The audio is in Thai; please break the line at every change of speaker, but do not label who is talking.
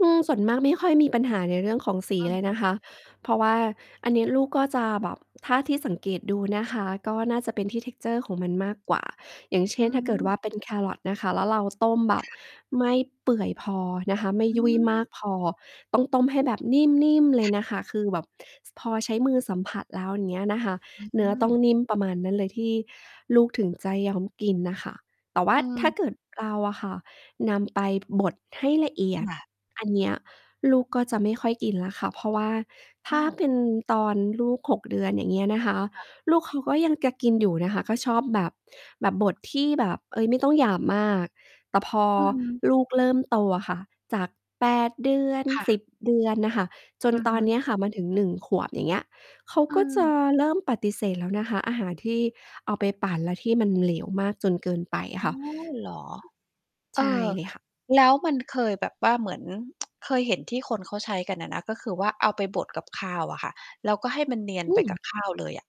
อืม ส่วนมากไม่ค่อยมีปัญหาในเรื่องของสี
อือ
เลย
ฮ
น
ึ
ะคะ เพราะว่าอันนี้ลูกก็จะแบบ ถ้าที่สังเกตดูนะคะก็น่าจะเป็นที่ texture ของมันมากกว่า อย่างเช
อื
่น ถ้าเกิดว่
ม
าเป็นแครอทนะคะ แล้วเราต้มแบ
ค
บ
่ะ
ไม่เปื่อยพอนะคะ ไม่
อื
ยุ่ยมา
ม
กพอ ต้องต้มให้แบบ นิ่ม ๆ เล
ค
ย
่
น
ะ
ะคะ คือแบบพอใช้มือสัมผัสแล้ว อย่างเงี้ยนะคะ
อื
เนื้อต้อง
ม
นิ่มประมาณนั้นเลยที่ลูกถึงจะยอมกินน่ะค่ะ แต่ว่า
อื
ถ้า
ม
เกิดเราอะค่ะนำ ไปบดให้ละเอีย
ค
ด
่ะ
อันเนี้ยลูกก็จะไม่ค่อยกินแล้วค่ะ เพราะว่าถ
อ้
้า
าว!
เป็นตอนลูก 6 เดือน อย่างเงี้ยนะคะ
ค่ะ
ลูกเขาก็ยังกะกินอยู่นะคะ ก็ชอบแบบ แบบบดที่แบบ เออ ไม่ต้องหยาบมาก แต่พอ
อืม
ลูกเริ่มโตอะค่ะ จาก 8 เดือน
ค่
ส
ะ
ิบ เดือนน่ะค่ะ จ
อ
น
ือ
ต
ฮ
อ
ึ
นเนี้ยค่ะมาถึง 1 ขวบ อย่างเงี้ย เขา
อื
ก็จะ
ม
เริ่มปฏิเสธแล้วนะคะ อาหารที่เอาไปปั่นแล้วที่มันเหลวมากจนเกินไปอ
อ
ะค
๋อ
่ะ
เหรอ เ
ใ
อ
ช
่
่
อ
เลยค่ะ
แล้วมันเคยแบบว่าเหมือน เคยเห็นที่คนเขาใช้กันอะนะ ก็คือว่าเอาไปบด กับข้าวอะค่ะ แล้วก็ให้มันเนียน
อ
ไปก
ืม
ับข้าวเลยอะ